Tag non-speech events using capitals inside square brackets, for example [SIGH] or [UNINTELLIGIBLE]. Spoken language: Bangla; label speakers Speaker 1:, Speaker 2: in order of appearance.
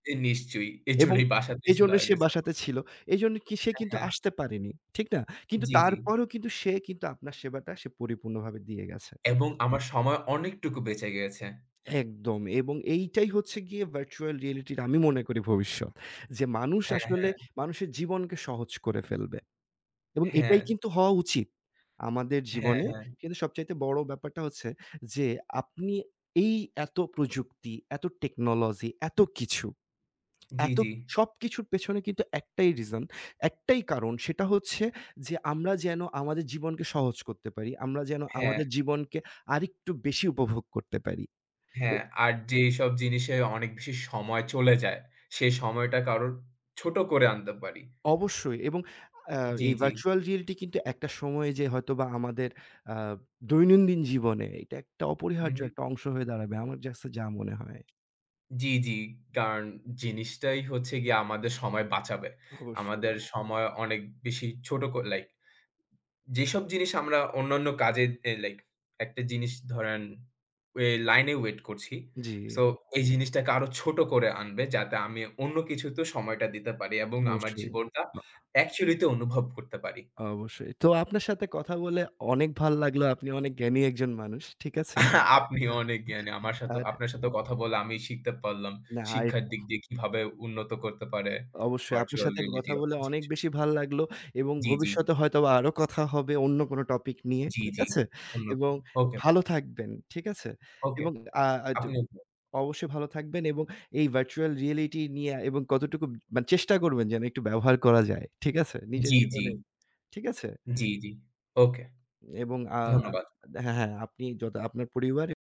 Speaker 1: এ নিশ্চয়ই।
Speaker 2: এবং
Speaker 1: এইজন্যেই বাসাতে ছিল
Speaker 2: এইজন্য সে
Speaker 1: আগে।
Speaker 2: বাসাতে
Speaker 1: [UNINTELLIGIBLE]
Speaker 2: ছিল। এজন্য কি সে
Speaker 1: হ্যাঁ,
Speaker 2: কিন্তু
Speaker 1: হ্যাঁ।
Speaker 2: আসতে পারেনি। ঠিক না? কিন্তু
Speaker 1: জ্বি, জ্বি।
Speaker 2: তারপরও কিন্তু সে কিন্তু আপনার সেবাটা সে পরিপূর্ণভাবে দিয়ে গেছে।
Speaker 1: এবং আমার সময় অনেকটুকু বেঁচে গিয়েছে।
Speaker 2: একদম। এবং এইটাই হচ্ছে গিয়ে virtual reality র আমি মনে করি ভবিষ্যৎ। যে মানুষ
Speaker 1: হ্যাঁ,
Speaker 2: আসলে
Speaker 1: হ্যাঁ।
Speaker 2: মানুষের জীবনকে সহজ করে ফেলবে। এবং
Speaker 1: হ্যাঁ।
Speaker 2: এটাই কিন্তু হওয়া উচিত। আমাদের
Speaker 1: হ্যাঁ,
Speaker 2: জীবনে
Speaker 1: হ্যাঁ।
Speaker 2: কিন্তু সবচাইতে বড় ব্যাপারটা হচ্ছে যে আপনি এই এত প্রযুক্তি, এত টেকনোলজি এত কিছু
Speaker 1: জ্বি,
Speaker 2: এত
Speaker 1: জ্বি।
Speaker 2: সবকিছুর পেছনে কিন্তু একটাই reason একটাই কারণ সেটা হচ্ছে যে আমরা যেন আমাদের জীবনকে সহজ করতে পারি। আমরা যেন
Speaker 1: হ্যাঁ।
Speaker 2: আমাদের জীবনকে আরেকটু বেশি উপভোগ করতে পারি।
Speaker 1: হ্যাঁ, আর যে এইসব জিনিসে অনেক বেশি সময় চলে যায় সে সময়টা কারোর ছোট করে আনতে পারি।
Speaker 2: অবশ্যই এবং আ
Speaker 1: জ্বি,
Speaker 2: এই
Speaker 1: জ্বি।
Speaker 2: virtual reality কিন্তু একটা সময় যেয়ে হয়তোবা আমাদের আ দৈনন্দিন জীবনে এটা একটা অপরিহার্য
Speaker 1: উহু।
Speaker 2: একটা অংশ হয়ে দাঁড়াবে। আমার কাছে যা মনে হয়।
Speaker 1: জ্বি, জ্বি। কারণ জিনিসটাই হচ্ছে গিয়ে আমাদের সময় বাঁচাবে।
Speaker 2: অবশ্যই।
Speaker 1: আমাদের সময় অনেক বেশি ছোট করে লাইক যেসব জিনিস আমরা অন্যান্য কাজে যে লাইক একটা জিনিস ধরেন ওয়ে লাইনে ওয়েট করছি। সো
Speaker 2: জ্বি।
Speaker 1: এই জিনিসটাকে আরো ছোট করে আনবে যাতে আমি অন্য কিছুতে সময়টা দিতে পারি এবং আমার
Speaker 2: অবশ্যই।
Speaker 1: জীবনটা
Speaker 2: আ
Speaker 1: actually তেও অনুভব করতে পারি।
Speaker 2: অবশ্যই। তো আপনার সাথে কথা বলে অনেক ভাল লাগলো। আপনি অনেক জ্ঞানী একজন মানুষ। ঠিক আছে?
Speaker 1: আহ আপনিও অনেক জ্ঞানী। আমার
Speaker 2: [UNINTELLIGIBLE]
Speaker 1: সাথেও
Speaker 2: আরে
Speaker 1: আপনার সাথেও কথা বলে আমি শিখতে পারলাম।
Speaker 2: না। আর
Speaker 1: শিক্ষার দিক দিয়ে কিভাবে উন্নত করতে পারে
Speaker 2: অবশ্যই আপনার
Speaker 1: virtual
Speaker 2: সাথে একটু
Speaker 1: reality
Speaker 2: কথা বলে অনেক
Speaker 1: [UNINTELLIGIBLE]
Speaker 2: বেশি ভাল লাগলো। এবং
Speaker 1: জ্বি, জ্বি।
Speaker 2: ভবিষ্যতে হয়তোবা আরো কথা হবে অন্য কোন টপিক নিয়ে।
Speaker 1: জ্বী,
Speaker 2: ঠিক
Speaker 1: জ্বী।
Speaker 2: আছে?
Speaker 1: অন্য কেও
Speaker 2: এবং
Speaker 1: ওকে।
Speaker 2: ভালো থাকবেন। ঠিক আছে?
Speaker 1: ওকে
Speaker 2: এবং আ আ টু
Speaker 1: আপনি ভালো
Speaker 2: অবশ্যই ভালো থাকবেন এবং এই virtual reality নিয়ে এবং কতটুকু মানে চেষ্টা করবেন যেন একটু ব্যবহার করা যায়। ঠিক আছে? নিজের
Speaker 1: জ্বি, জ্বি।
Speaker 2: জীবনে। ঠিক আছে?
Speaker 1: জ্বি, জ্বি, ওকে।
Speaker 2: এবং আ
Speaker 1: ধন্যবাদ।
Speaker 2: দে হ্যাঁ, হ্যাঁ আপনি যত আপনার পরিবার।